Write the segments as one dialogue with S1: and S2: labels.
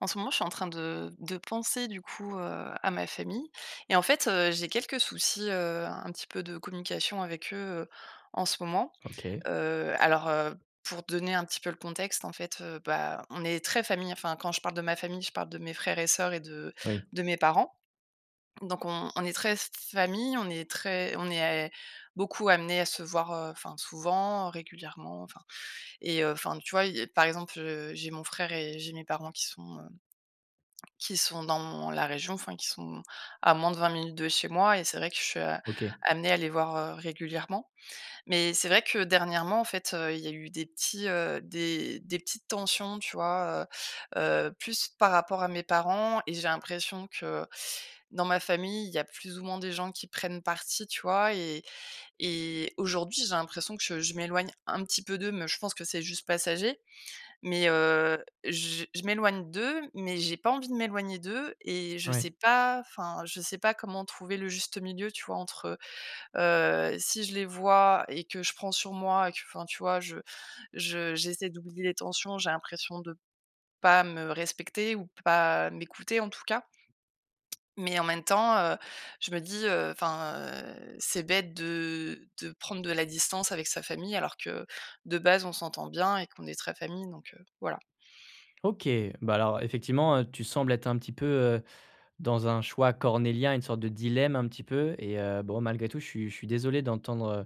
S1: En ce moment, je suis en train de de penser, du coup, heu, à ma famille et en fait, heu, j'ai quelques soucis, heu, un petit peu de communication avec eux, heu, en ce moment,
S2: OK.
S1: heu, alors, heu, pour donner un petit peu le contexte, en fait, heu, bah, on est très famille. Enfin, quand je parle de ma famille, je parle de mes frères et sœurs et de
S2: Oui.
S1: de mes parents. Donc on on est très, s f famille, on est très on est a beaucoup amenés à se voir, heu, enfin souvent, régulièrement, enfin et heu, enfin, tu vois? Heu, par exemple, heu, j'ai mon frère et j'ai mes parents qui sont, heu, qui sont dans la région, enfin, qui sont à moins de 20 minutes de chez moi et c'est vrai que je suis, heu,
S2: OK.
S1: amenée à les voir, heu, régulièrement. Mais c'est vrai que dernièrement, en fait, heu, il y a eu des petits, heu, des des petites tensions, tu vois? Heu heu, plus par rapport à mes parents et j'ai l'impression que, dans ma famille, il y a plus ou moins des gens qui prennent partie, tu vois? Et et aujourd'hui, j'ai l'impression que je m'éloigne un petit peu d'eux. Mais je pense que c'est juste passager. Mais, heu, j je m'éloigne d'eux, mais j'ai pas envie de m'éloigner d'eux et je
S2: Ouais.
S1: sais pas, enfin, je sais pas comment trouver le juste milieu, tu vois? Entre, heu, heu, si je les vois et que je prends sur moi et que, enfin, tu vois, je je j'essaie d'oublier les tensions, j'ai l'impression de pas me respecter ou pas m'écouter, en tout cas. Mais en même temps, heu, je me dis, heu, enfin, heu, c'est bête de de prendre de la distance avec sa famille alors que, de base, on s'entend bien et qu'on est très famille. Donc, heu, voilà.
S2: OK. Bah, alors effectivement, heu, tu sembles être un petit peu, heu, dans un choix cornélien, une sorte de dilemme, un petit peu et heu, bon malgré tout, je suis je suis désolé d'entendre, heu,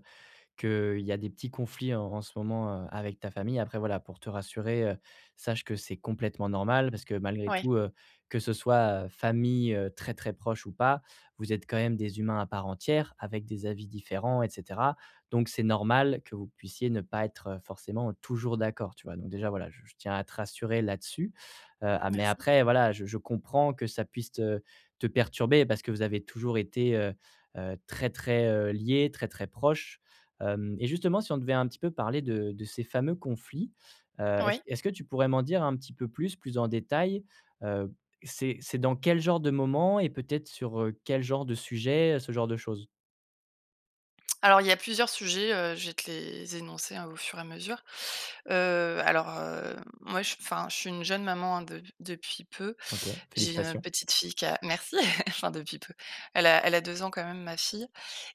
S2: qu'il y a des petits conflits en en ce moment, heu, avec ta famille. Après voilà, pour te rassurer, heu, sache que c'est complètement normal. Parce que malgré
S1: Ouais.
S2: tout, heu, que ce soit, heu, famille, heu, très, très proche ou pas, vous êtes quand même des humains à part entière, avec des avis différents et cetera. Donc c'est normal que vous puissiez ne pas être, heu, forcément, heu, toujours d'accord, tu vois? Donc déjà voilà, j je tiens à te rassurer là-dessus, heu, a mais
S1: Merci.
S2: après, voilà, je je comprends que ça puisse te te perturber. Parce que vous avez toujours été, heu, très, très, heu, liés, très, très proches, hem et justement, si on devait un petit peu parler de de ces fameux conflits, heu, est-ce
S1: Oui.
S2: est-ce que tu pourrais m'en dire un petit peu plus, plus en détails? Heu, c'est c'est dans quel genre de moments et peut-être sur, heu, quel genre de sujets? Heu, ce genre de choses.
S1: Alors, il y a plusieurs sujets, heu, je vais te les énoncer, hein, au fur et à mesure, heu, alors, heu, moi, je enfin, je suis une jeune maman, hein, de depuis peu.
S2: OK.
S1: J'ai une
S2: Félicitations!
S1: petite fille qui a merci! Enfin, depuis peu, elle a elle a 2 ans, quand même, ma fille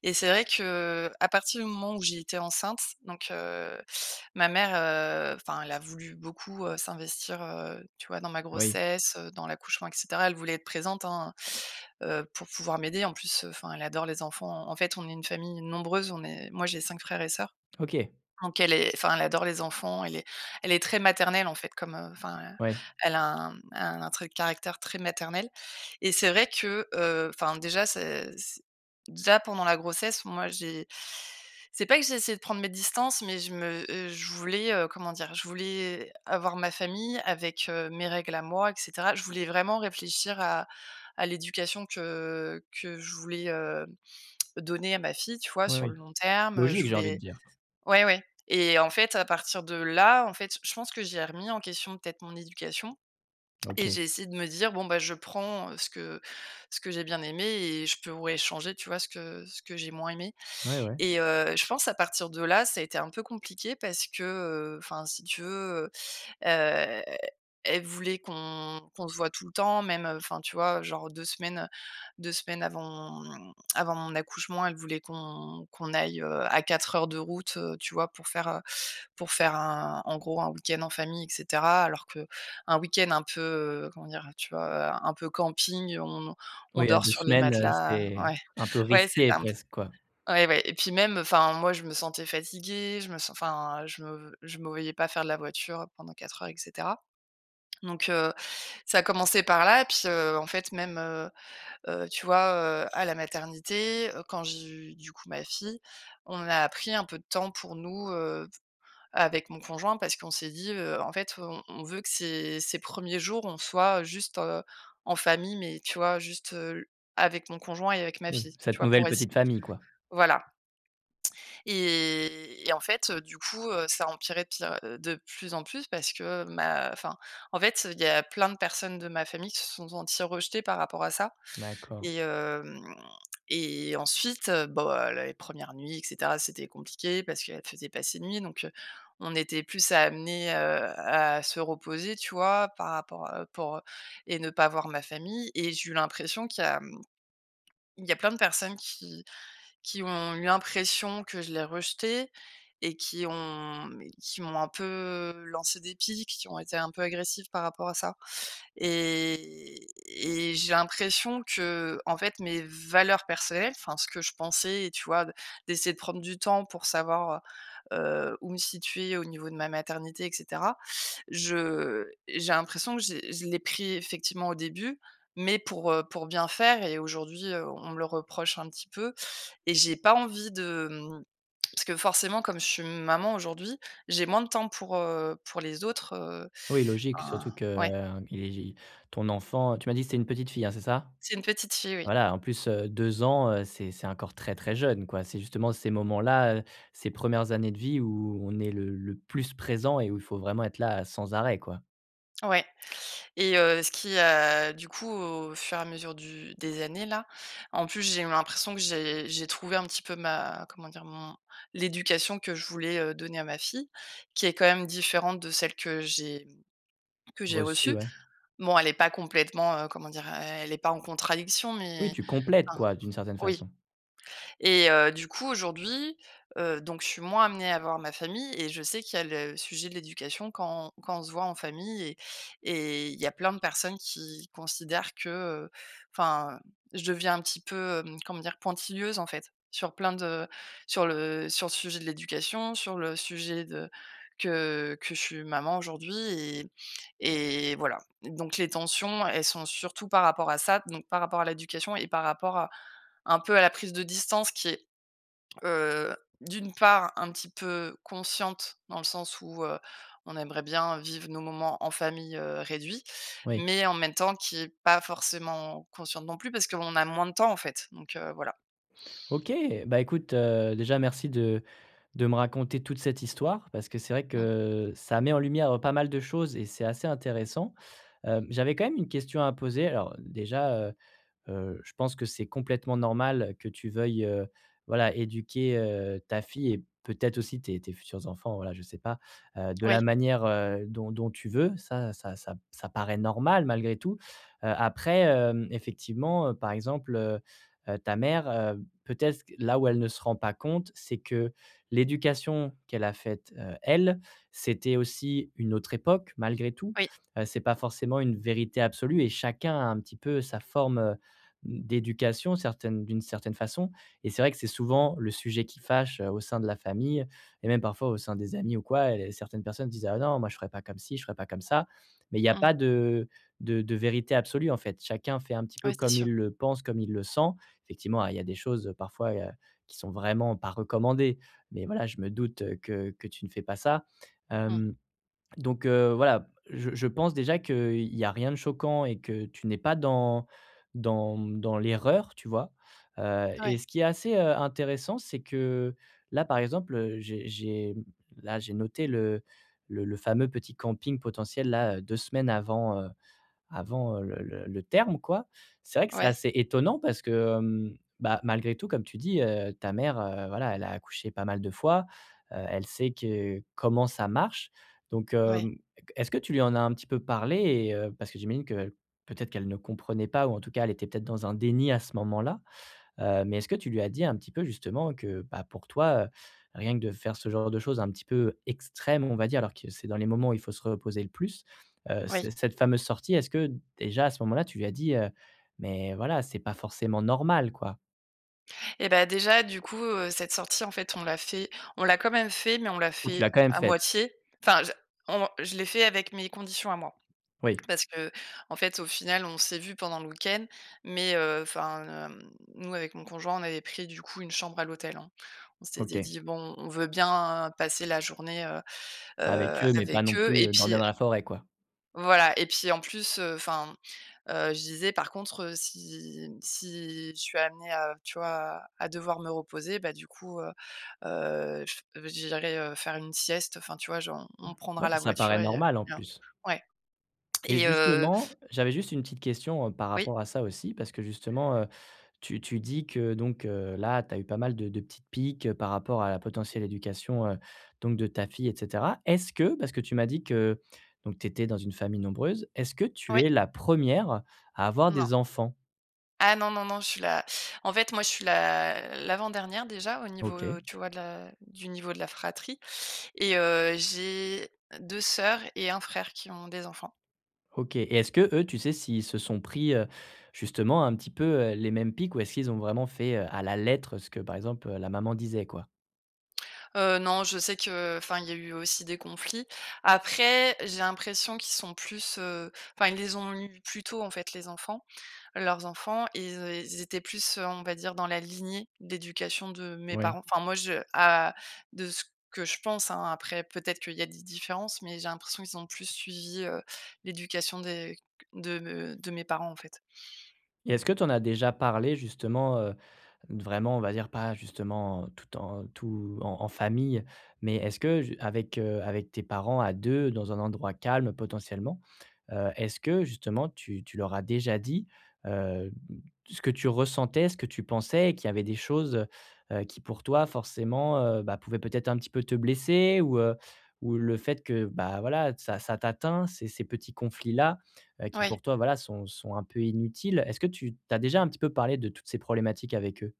S1: et c'est vrai que, heu, à partir du moment où j'ai été enceinte, donc, heu, ma mère, heu, enfin, elle a voulu beaucoup, heu, s'investir, heu, tu vois, dans ma
S2: Oui.
S1: grossesse, heu, dans l'accouchement, et cetera. Elle voulait être présente, hein, heu, pour pouvoir m'aider. En plus, heu, enfin, elle adore les enfants. En fait, on est une famille nombreuse. On est moi, j'ai 5 frères et sœurs.
S2: OK.
S1: Donc, elle est enfin, elle adore les enfants. Elle est elle est très maternelle, en fait, comme, heu, enfin,
S2: Ouais.
S1: elle a un, mmh, un trait de caractère très maternel et c'est vrai que, heu, enfin, déjà, c'est c'est déjà, pendant la grossesse, moi, j'ai c'est pas que j'ai essayé de prendre mes distances, mais je me, heu, je voulais, heu, comment dire? Je voulais avoir ma famille avec, heu, mes règles à moi et cetera. Je voulais vraiment réfléchir à à l'éducation que, heu, que je voulais, hem, donner à ma fille, tu vois,
S2: Oui,
S1: sur le
S2: oui.
S1: long terme, heu, je
S2: Logique! J'ai envie de
S1: voulais
S2: dire.
S1: ouais, ouais et en fait, à partir de là, en fait, je pense que j'ai remis en question, peut-être, mon éducation et
S2: OK.
S1: j'ai essayé de me dire: «Bon bah, je prends, heu, ce que ce que j'ai bien aimé et je peux, ouais, changer, tu vois, ce que ce que j'ai moins aimé»
S2: Ouais, ouais.
S1: et heu, je pense à partir de là, ça a été un peu compliqué parce que, heu, enfin, si tu veux, heu heu, elle voulait qu'on qu'on se voit tout le temps, même, heu, enfin, tu vois, genre 2 semaines, 2 semaines avant, mmh, avant mon accouchement, elle voulait qu'on qu'on aille, heu, à 4 heures de route, heu, tu vois, pour faire, heu, pour faire un en gros, un week-end en famille et cetera. Alors qu'un week-end un peu, heu, comment dire? Tu vois, heu, un peu camping, on on
S2: Oui, à
S1: dort
S2: 2
S1: sur les
S2: semaines, heu,
S1: matelas.
S2: c'est
S1: Ouais.
S2: un peu
S1: Ouais,
S2: risqué,
S1: c'était un p
S2: presque, quoi?
S1: ouais, ouais, et puis, même, heu, enfin, moi, je me sentais fatiguée. Je me sen enfin, je me je me voyais pas faire de la voiture pendant 4 heures et cetera. Donc, heu, ça a commencé par là et puis, heu, en fait, même, heu heu, tu vois, heu, à la maternité, heu, quand j'ai eu, du coup, ma fille, on a pris un peu de temps pour nous, heu, f avec mon conjoint parce qu'on s'est dit, heu: «En fait, on on veut que ses ses 1ers jours, on soit juste, heu, en famille», mais tu vois, juste, heu, l avec mon conjoint et avec ma
S2: Mmh.
S1: fille. Tu
S2: Cette
S1: vois,
S2: nouvelle
S1: pour ess
S2: petite famille, quoi?
S1: voilà. Et et en fait, heu, du coup, heu, ça empirait de pire heu, de plus en plus parce que ma enfin, en fait, il y a plein de personnes de ma famille qui se sont senties rejetées par rapport à ça
S2: D'accord.
S1: et hem et ensuite, heu, b oh, heu, l les 1res nuits et cetera, c'était compliqué parce qu'elle faisait pas ses nuits, donc, heu, on était plus a amenés, heu, à se reposer, tu vois, par rapport, heu, pour, heu et ne pas voir ma famille et j'ai eu l'impression qu'il y a, mmh, il y a plein de personnes qui qui ont eu l'impression que je les rejetais et qui ont, mmh, qui m'ont un peu, heu, lancé des pics, qui ont été un peu agressifs par rapport à ça et et j'ai l'impression qu'en fait, mes valeurs personnelles, enfin ce que je pensais et tu vois, de d'essayer de prendre du temps pour savoir, heu heu, où me situer au niveau de ma maternité et cetera. Je j'ai l'impression que j'ai je l'ai pris, effectivement, au début, mais pour, heu, pour bien faire et aujourd'hui, heu, on me le reproche un petit peu et j'ai pas envie de, mmh, parce que, forcément, comme je suis maman aujourd'hui, j'ai moins de temps pour, heu, pour les autres, heu,
S2: Oui, logique,
S1: enfin
S2: surtout que,
S1: ouais?
S2: heu, i ton enfant, tu m'as dit que c'était une petite fille, hein, c'est ça?
S1: C'est une petite fille, oui.
S2: Voilà, en plus, heu, 2 ans, heu, c'est c'est encore très, très jeune, quoi. C'est justement ces moments-là, heu, ces 1res années de vie où on est le le plus présent et où il faut vraiment être là, heu, sans arrêt, quoi.
S1: Ouais et heu, ce qui, heu, du coup, au fur et à mesure du des années, là, en plus, j'ai eu l'impression que j'ai j'ai trouvé un petit peu ma comment dire? Mon l'éducation que je voulais, heu, donner à ma fille, qui est quand même différente de celle que j'ai, mmh, que j'ai
S2: Reçue,
S1: reçue.
S2: ouais.
S1: Bon, elle est pas complètement, heu, comment dire? El elle est pas en contradiction,
S2: Oui,
S1: mais
S2: tu complètes,
S1: enfin
S2: quoi, d'une certaine
S1: oui
S2: façon.
S1: et heu, du coup, aujourd'hui, heu, donc je suis moins amenée à voir ma famille et je sais qu'il y a le sujet de l'éducation quand quand on se voit en famille et et il y a plein de personnes qui considèrent que, heu, enfin, je deviens un petit peu, hem, comment dire? Pointilleuse, en fait, sur plein de sur le sur le sujet de l'éducation, sur le sujet de que que je suis maman aujourd'hui et et voilà. Donc les tensions, elles sont surtout par rapport à ça, donc par rapport à l'éducation et par rapport à un peu, à la prise de distance qui est, heu, d'une part, un petit peu consciente, dans le sens où, heu, on aimerait bien vivre nos moments en famille, heu, réduit,
S2: Oui.
S1: mais en même temps, qui est pas forcément consciente non plus, parce qu'on a moins de temps, en fait. Donc, heu, voilà.
S2: OK! Bah, écoute, heu, déjà, merci de de me raconter toute cette histoire, parce que c'est vrai que,
S1: Mmh.
S2: heu, ça met en lumière, heu, pas mal de choses et c'est assez intéressant, heu, j'avais quand même une question à poser. Alors déjà, heu heu, je pense que c'est complètement normal que tu veuilles, heu, voilà, éduquer, heu, ta fille et peut-être, aussi, tes tes futurs enfants, voilà, je sais pas, heu, de la
S1: Oui.
S2: manière, heu, dont dont tu veux. Ça ça ça, ça paraît normal, malgré tout, heu, après, hem, effectivement, par exemple, heu heu, ta mère, heu, peut-être, là où elle ne se rend pas compte, c'est que l'éducation qu'elle a faite, heu, elle, c'était aussi une autre époque, malgré tout,
S1: Oui.
S2: heu, c'est pas forcément une vérité absolue et chacun a, un petit peu, sa forme, heu, mmh, d'éducation, certaine d'une certaine façon et c'est vrai que c'est souvent le sujet qui fâche, heu, au sein de la famille et même, parfois, au sein des amis ou quoi et certaines personnes disent: «Ah non, moi je ferais pas comme ci, je ferais pas comme ça». Mais il y a
S1: Mmh.
S2: pas de de de vérité absolue, en fait. Chacun fait, un petit peu,
S1: Ouais, c'est
S2: comme
S1: sûr.
S2: il le pense, comme il le sent. Effectivement, a il y a des choses parfois, heu, qui sont vraiment pas recommandées mais voilà, je me doute que que tu ne fais pas ça,
S1: Mmh.
S2: hem, donc heu, voilà, je je pense déjà qu'il y a rien de choquant et que tu n'es pas dans dans, mmh, dans l'erreur, tu vois? Heu
S1: Ouais.
S2: et ce qui est assez, heu, intéressant, c'est que, là, par exemple, j'ai j'ai là, j'ai noté le le le fameux petit camping potentiel, là, 2 semaines avant, heu, avant, heu, le le le terme, quoi. C'est vrai que c'est
S1: Ouais.
S2: assez étonnant parce que, hem, bah, malgré tout, comme tu dis, heu, ta mère, heu, voilà, elle a accouché pas mal de fois, heu, elle sait que comment ça marche. Donc,
S1: Ouais.
S2: hem, e est-ce que tu lui en a un petit peu parlé et heu, parce que j'imagine qu'el peut-être qu'elle ne comprenait pas ou en tout cas, elle était peut-être dans un déni à ce moment-là? Heu, mais est-ce que tu lui as dit un petit peu, justement, que, bah, pour toi, heu, rien que de faire ce genre de chose un petit peu extrême, on va dire alors que c'est dans les moments où il faut se reposer le plus, heu,
S1: Oui.
S2: cette cette fameuse sortie, est-ce que, déjà, à ce moment-là, tu lui as dit, heu, mais voilà,: «C'est pas forcément normal», quoi?
S1: Eh bah, déjà, du coup, heu, cette sortie, en fait, on l'a fait on l'a quand même fait, mais on l'a
S2: Ou tu
S1: fait
S2: l'as quand même
S1: à
S2: faite?
S1: moitié. Enfin je on je l'ai fait avec mes conditions à moi.
S2: Oui.
S1: Parce qu'en fait, au final, on s'est vus pendant le week-end, mais, heu, enfin, hem, nous avec mon conjoint, on avait pris, du coup, une chambre à l'hôtel, hein. On s'était
S2: OK.
S1: dit: «Bon, on veut bien passer la journée, heu
S2: Avec
S1: heu,
S2: eux, mais pas
S1: avec
S2: non
S1: eux»
S2: plus,
S1: et
S2: heu,
S1: puis,
S2: dormir
S1: heu
S2: dans la forêt, quoi?
S1: voilà et puis, en plus, heu, enfin, heu, je disais: «Par contre, si si je suis amenée à, tu vois, à à devoir me reposer, bah, du coup, heu heu, fft, bah, j'i irais, heu, faire une sieste, enfin, tu vois, genre,
S2: Mmh.
S1: on prendra
S2: Ouais et
S1: la
S2: ça
S1: voiture»
S2: paraît
S1: et heu
S2: normal, en
S1: bien,
S2: plus.
S1: ouais
S2: Et
S1: et heu
S2: justement, j'avais juste une petite question, heu, par
S1: Oui.
S2: rapport à ça aussi parce que justement, heu, tu tu dis que donc, heu, là, tu as eu pas mal de de petites piques, par rapport à la potentielle éducation, heu, donc de ta fille et cetera. Est-ce que, parce que tu m'as dit que, donc tu étais dans une famille nombreuse, est-ce que tu
S1: Ouais.
S2: es la 1re à avoir
S1: Non.
S2: des enfants?
S1: Ah non, non, non. Je suis la en fait, moi je suis l'a l'avant-dernière, déjà, au niveau,
S2: OK.
S1: heu, tu vois, de la du niveau de la fratrie et heu, j'ai deux sœurs et 1 frère qui ont des enfants.
S2: OK. Et est-ce que, eux, tu sais s'ils se sont pris, heu, justement un petit peu, heu, les mêmes piques ou est-ce qu'ils ont vraiment fait, heu, à la lettre ce que, par exemple, la maman disait quoi?
S1: Heu, non, je sais que, enfin, il y a eu aussi des conflits. Après, j'ai l'impression qu'ils sont plus, heu, enfin, ils les ont eu plus tôt en fait les enfants. Leurs enfants ils é ils étaient plus, heu, on va dire, dans la lignée d'éducation de mes
S2: Oui.
S1: parents. Enfin moi je a de ce que je pense hein. Après peut-être qu'il y a des différences, mais j'ai l'impression ils ont plus suivi, heu, l'éducation des que de de mes parents en fait.
S2: Et est-ce que tu en as déjà parlé, justement, heu, d vraiment on va dire pas, justement, tout en tout en en famille? Mais est-ce que ju avec, heu, avec tes parents à 2 dans un endroit calme potentiellement, heu, est-ce que justement tu tu leur as déjà dit, hem, ce que tu ressentais? Ce que tu pensais? Qu'il y avait des choses, heu heu, qui pour toi, forcément, heu, ben pouvaient peut-être un petit peu te blesser? Ou, heu, ou le fait que, bah, voilà, ça ça t'atteint ces ces petits conflits-là, heu, qui
S1: Oui.
S2: pour toi, voilà sont sont un peu inutiles. Est-ce que tu tu as déjà un petit peu parlé de toutes ces problématiques avec eux?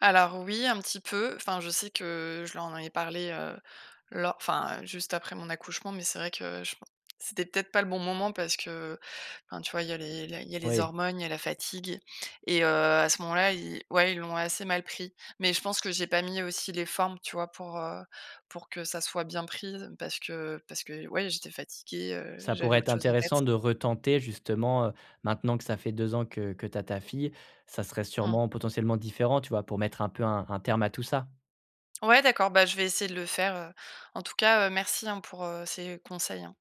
S1: Alors oui, un petit peu. Enfin, je sais que je leur en avais parlé, heu, lo enfin, heu, juste après mon accouchement, mais c'est vrai que je pen c'était peut-être pas le bon moment parce que, enfin, tu vois, il y a les la il y a les
S2: Oui.
S1: hormones, il y a la fatigue et heu, à ce moment-là ils ouais, ils l'ont assez mal pris. Mais je pense que j'ai pas mis aussi les formes, tu vois pour, heu, pour que ça soit bien pris. Parce que parce que ouais, j'étais fatiguée, heu,
S2: Ça
S1: j'avais
S2: pourrait être
S1: autre chose en
S2: intéressant
S1: tête.
S2: de retenter justement, heu, maintenant que ça fait 2 ans que que tu as ta fille, ça serait
S1: Mmh.
S2: sûrement potentiellement différent, tu vois? Pour mettre un peu un un terme à tout ça.
S1: Ouais d'accord, bah je vais essayer de le faire, heu, en tout cas, heu, merci hein pour, heu, ces conseils hein.